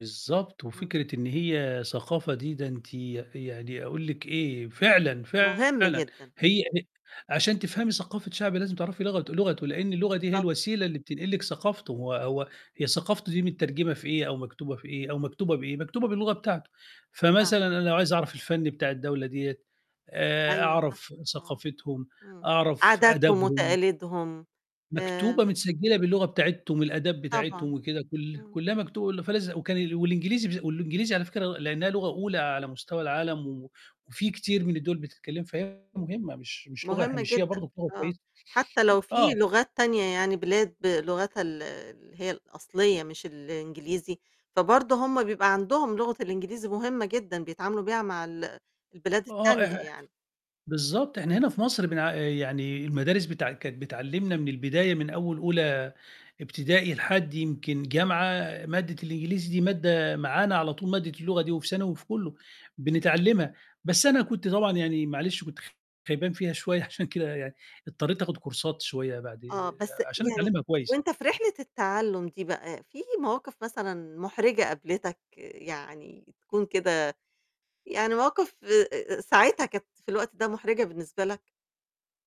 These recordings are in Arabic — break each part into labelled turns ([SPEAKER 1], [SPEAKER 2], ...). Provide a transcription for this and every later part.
[SPEAKER 1] بالضبط،
[SPEAKER 2] إمم.
[SPEAKER 1] وفكرة إن هي ثقافة دي ده أنتِ يعني أقول لِك إيه؟ فعلًا،
[SPEAKER 2] مهم
[SPEAKER 1] فعلًا
[SPEAKER 2] جدًا.
[SPEAKER 1] هي هي عشان تفهمي ثقافة شعب لازم تعرفي لغت لغتُه لأن اللغة دي هي
[SPEAKER 2] بالضبط.
[SPEAKER 1] الوسيلة اللي بتنقل لِك ثقافتُه، هو هو هي ثقافته دي متّرجمة في إيه؟ أو مكتوبة في إيه؟ أو مكتوبة بإيه؟ مكتوبة باللغة بتاعتُه،
[SPEAKER 2] آه.
[SPEAKER 1] فمثلًا أنا لو عايز أعرف الفن بتاع الدولة ديّة آآ،
[SPEAKER 2] أيوه صح،
[SPEAKER 1] أعرف
[SPEAKER 2] آه،
[SPEAKER 1] ثقافتهم،
[SPEAKER 2] إمم.
[SPEAKER 1] أعرف
[SPEAKER 2] عاداتهم
[SPEAKER 1] آدبهم.
[SPEAKER 2] وتقاليدهم.
[SPEAKER 1] مكتوبة،
[SPEAKER 2] آآ
[SPEAKER 1] متسجلة باللغة بتاعتهم، الآداب بتاعتهم
[SPEAKER 2] طبعًا.
[SPEAKER 1] وكده، كُلّ
[SPEAKER 2] إمم.
[SPEAKER 1] كُلّها مكتوبة، فلاز وكان والإنجليزي والإنجليزي على فكرة لأنها لغة أولى على مستوى العالم و وفي كتير من الدوّل بتتكلم، فهي
[SPEAKER 2] امم.
[SPEAKER 1] مهمة مش مش لغة
[SPEAKER 2] مهم
[SPEAKER 1] هامشية
[SPEAKER 2] جدًا،
[SPEAKER 1] برضه، لغة
[SPEAKER 2] آه.
[SPEAKER 1] كويسة.
[SPEAKER 2] حتى لو في
[SPEAKER 1] آه.
[SPEAKER 2] لغات تانية يعني بلاد بلغتها ال اللي هي الأصلية مش الإنجليزي، فبرضه هُم بيبقى عندهم لغة الإنجليزي مهمة جدًا بيتعاملوا بيها مع ال البلاد
[SPEAKER 1] آه، إح
[SPEAKER 2] التانية يعني.
[SPEAKER 1] بالضبط. إحنا هنا في مصر بنع يعني المدارس بتع كانت بتعلّمنا من البداية من أول أولى ابتدائي لحد يمكن جامعة، مادة الإنجليزي دي مادة معانا على طول، مادة اللغة دي، وفي ثانوي وفي كُلّه، بنتعلِّمها، بس أنا كنت طبعًا يعني معلش كنت خ خيبان فيها شوية عشان كده يعني اضطريت آخد كورسات شوية بعد
[SPEAKER 2] آه، بس
[SPEAKER 1] عشان
[SPEAKER 2] يعني
[SPEAKER 1] أتعلمها كويس.
[SPEAKER 2] وأنت في رحلة التعلّم دي بقى، في مواقف مثلًا محرجة قابلتك، يعني تكون كده يعني مواقف آآ، ساعتها كانت في الوقت ده محرجة بالنسبة لك؟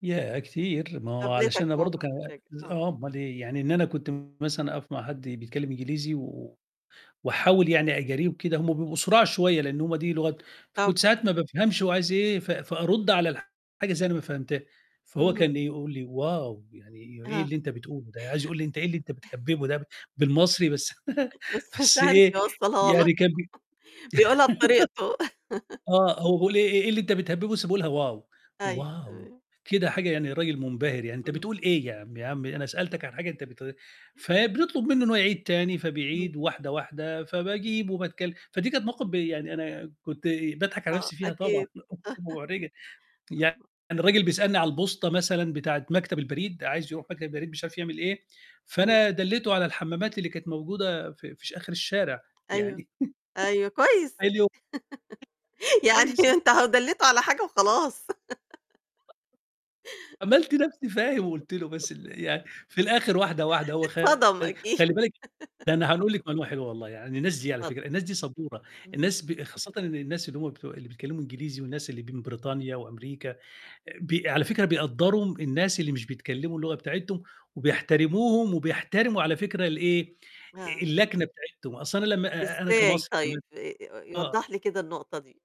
[SPEAKER 1] ياه! كتير. ما هو علشان
[SPEAKER 2] قابلتك
[SPEAKER 1] أنا برضه
[SPEAKER 2] مواقف
[SPEAKER 1] كان
[SPEAKER 2] محرجة.
[SPEAKER 1] ز
[SPEAKER 2] آه.
[SPEAKER 1] آه أُمّال إيه يعني، إن أنا كنت مثلًا أقف مع حد بيتكلم إنجليزي و وأحاول يعني أجاريه وكده هُم بيبقوا سُراع شوية، لأنه هُم دي لغتهم، فكنت
[SPEAKER 2] طبعًا.
[SPEAKER 1] ساعات ما بافهمش هوعايز إيه، ف فأرُدّ على حاجة إزاي أنا ما فهمتهاش؟ فهو
[SPEAKER 2] إمم.
[SPEAKER 1] كان يقول لي: wow! يعني إيه
[SPEAKER 2] آه.
[SPEAKER 1] اللي أنت بتقوله ده؟ عايز يقول لي أنت إيه اللي أنت بتهبّبه ده بالمصري بس
[SPEAKER 2] بس مش
[SPEAKER 1] بس
[SPEAKER 2] عارف
[SPEAKER 1] إيه
[SPEAKER 2] يوصلها لك،
[SPEAKER 1] يعني كان ب
[SPEAKER 2] بيقولها بطريقته.
[SPEAKER 1] آه، هو بيقول لي إيه إيه اللي أنت بتهبِّبه بس بيقولها wow!
[SPEAKER 2] أيوه،
[SPEAKER 1] wow!
[SPEAKER 2] تمام.
[SPEAKER 1] كده حاجة يعني راجل منبهر يعني أنت
[SPEAKER 2] إمم.
[SPEAKER 1] بتقول إيه؟ ياعمي، يا عمي أنا سألتك عن حاجة أنت بت فبنطلب منه إنه هو يعيد تاني
[SPEAKER 2] إمم.
[SPEAKER 1] فبيعيد واحدة، واحدة فباجيب وباتكلم. فدي كانت مواقف ب يعني أنا كنت باضحك على
[SPEAKER 2] آه،
[SPEAKER 1] نفسي فيها طبعًا،
[SPEAKER 2] أكيد.
[SPEAKER 1] بتبقى محرجة. يعني
[SPEAKER 2] [unintelligible]
[SPEAKER 1] الرجل بيسألني على البوسطة مثلًا بتاعة مكتب البريد، عايز يروح مكتب البريد مش عارف يعمل إيه،
[SPEAKER 2] إمم.
[SPEAKER 1] فأنا دلّيته على الحمَّامات اللي كانت موجودة في ش في آخر الشارع.
[SPEAKER 2] أيوه،
[SPEAKER 1] يعني
[SPEAKER 2] أيوه، كويس.
[SPEAKER 1] [unintelligible]
[SPEAKER 2] يعني
[SPEAKER 1] كويس يع
[SPEAKER 2] أنت أهو دليته على حاجة وخلاص.
[SPEAKER 1] عملت نفسي فاهم وقلت له، بس ال يعني في الآخر واحدة، واحدة هو خ
[SPEAKER 2] اتصدم أكيد.
[SPEAKER 1] خلي بالِك ده أنا هنقول لِك معلومة حلوة والله عن الناس دي على فكرة،
[SPEAKER 2] اتفضل.
[SPEAKER 1] الناس دي صبورة،
[SPEAKER 2] إمم.
[SPEAKER 1] الناس ب خاصةً إن الناس اللي هُم بتوع اللي بيتكلموا إنجليزي والناس اللي من بريطانيا وأمريكا، ب على فكرة بيقدّروا الناس اللي مش بيتكلموا اللغة بتاعتهم، وبيحترموهم وبيحترموا على فكرة الإيه؟
[SPEAKER 2] آه.
[SPEAKER 1] اللكنة بتاعتهم، أصل أنا لمّا أنا
[SPEAKER 2] إزاي
[SPEAKER 1] كمصري
[SPEAKER 2] طيب؟
[SPEAKER 1] [unintelligible]
[SPEAKER 2] آآ،
[SPEAKER 1] آه.
[SPEAKER 2] وضّح لي كده النقطة دي.